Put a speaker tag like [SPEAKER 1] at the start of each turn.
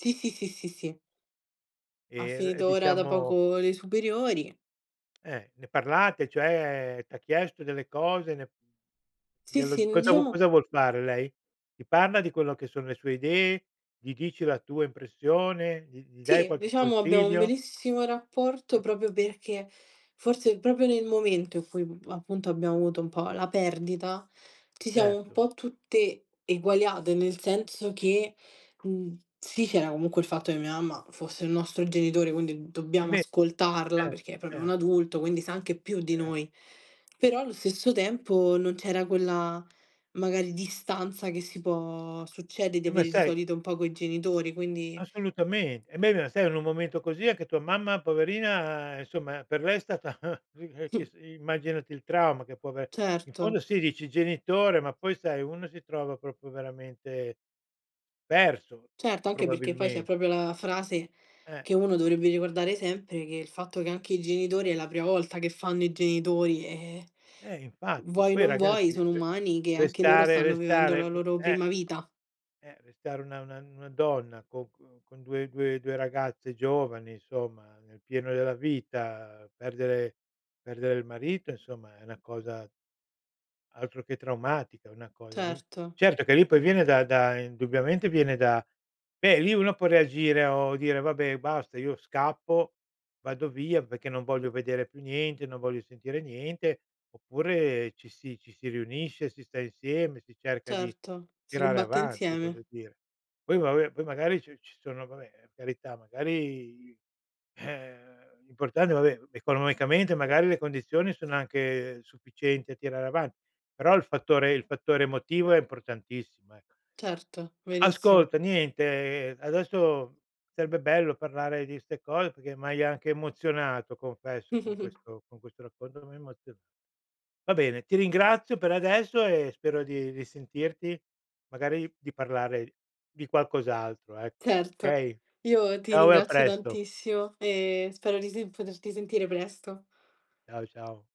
[SPEAKER 1] Sì, sì, sì, sì, sì. Ha
[SPEAKER 2] E v
[SPEAKER 1] finito ora da
[SPEAKER 2] diciamo
[SPEAKER 1] poco le superiori.
[SPEAKER 2] Eh, ne parlate cioè t'ha chiesto delle cose, ne
[SPEAKER 1] Sì,
[SPEAKER 2] glielo
[SPEAKER 1] sì
[SPEAKER 2] di
[SPEAKER 1] n
[SPEAKER 2] cosa
[SPEAKER 1] diciamo
[SPEAKER 2] cosa vuol fare lei? Ti parla di quello che sono le sue idee? Gli dici la tua impressione? Gli gli dai
[SPEAKER 1] Sì,
[SPEAKER 2] qualche
[SPEAKER 1] diciamo, abbiamo un
[SPEAKER 2] consiglio?
[SPEAKER 1] bellissimo
[SPEAKER 2] Mh.
[SPEAKER 1] rapporto proprio perché forse proprio nel momento in cui, mhmm, appunto abbiamo avuto un po' la perdita, ci siamo un
[SPEAKER 2] Certo.
[SPEAKER 1] po' tutte eguagliate, nel senso che, mhmm, sì, c'era comunque il fatto che mia mamma fosse il nostro genitore, quindi
[SPEAKER 2] Eh
[SPEAKER 1] dobbiamo
[SPEAKER 2] beh, e
[SPEAKER 1] ascoltarla
[SPEAKER 2] cer
[SPEAKER 1] perché è proprio un
[SPEAKER 2] cer
[SPEAKER 1] adulto, quindi sa anche più di
[SPEAKER 2] Cer
[SPEAKER 1] noi. Però allo stesso tempo non c'era quella, magari, distanza che si può succede di
[SPEAKER 2] E ma
[SPEAKER 1] avere di
[SPEAKER 2] sai
[SPEAKER 1] solito un po' coi genitori, quindi
[SPEAKER 2] Assolutamente. E beh, ma sai in un momento così, anche tua mamma poverina, ehm, insomma per lei è stata [unintelligible] immaginati il trauma che può aver in fondo
[SPEAKER 1] Certo.
[SPEAKER 2] sì, dici genitore, ma poi sai uno si trova proprio veramente perso,
[SPEAKER 1] Certo, anche perché poi c'è
[SPEAKER 2] probabilmen
[SPEAKER 1] proprio la frase
[SPEAKER 2] Eh.
[SPEAKER 1] che uno dovrebbe ricordare sempre, che il fatto che anche i genitori è la prima volta che fanno i genitori, ehm,
[SPEAKER 2] Eh infatti
[SPEAKER 1] vuoi o
[SPEAKER 2] poi i
[SPEAKER 1] non vuoi
[SPEAKER 2] ragazzi
[SPEAKER 1] sono
[SPEAKER 2] [unintelligible]
[SPEAKER 1] umani, che anche loro
[SPEAKER 2] arrestare
[SPEAKER 1] stanno vivendo
[SPEAKER 2] arrestare
[SPEAKER 1] la
[SPEAKER 2] vuol
[SPEAKER 1] loro
[SPEAKER 2] eh,
[SPEAKER 1] prima vita.
[SPEAKER 2] eh arrestare una una una donna con c con 2- 2- 2 ragazze giovani, insomma nel pieno della vita, perdere perdere il marito insomma è una cosa altro che traumatica una cosa lì.
[SPEAKER 1] Certo.
[SPEAKER 2] Certo che lì poi viene da da indubbiamente viene da beh, lì uno può reagire o dire: "Vabbè basta io scappo vado via perché non voglio vedere più niente, non voglio sentire niente." Oppure ci si ci si riunisce, si sta insieme, si cerca di
[SPEAKER 1] Certo, si
[SPEAKER 2] tirare
[SPEAKER 1] combatte
[SPEAKER 2] avanti, voglio
[SPEAKER 1] insieme.
[SPEAKER 2] dire. Poi vabbè poi magari ci ci sono vabbè, per carità, magari i eh, l'importante vabbè economicamente magari le condizioni sono anche sufficienti a tirare avanti, però il fattore il fattore emotivo è importantissimo, ecco.
[SPEAKER 1] Certo, verissimo.
[SPEAKER 2] Ascolta niente, ehm, adesso sarebbe bello parlare di 'ste cose perché m'hai anche emozionato confesso
[SPEAKER 1] Mh,
[SPEAKER 2] con
[SPEAKER 1] mh, mh.
[SPEAKER 2] questo con questo racconto mi hai emoziona va bene ti ringrazio per adesso e spero di risentirti, magari di parlare di qualcos'altro ecco.
[SPEAKER 1] Certo,
[SPEAKER 2] Okay?
[SPEAKER 1] io ti
[SPEAKER 2] Ciao e a
[SPEAKER 1] ringrazio
[SPEAKER 2] presto.
[SPEAKER 1] tantissimo e spero di sen poterti sentire presto.
[SPEAKER 2] Ciao, ciao.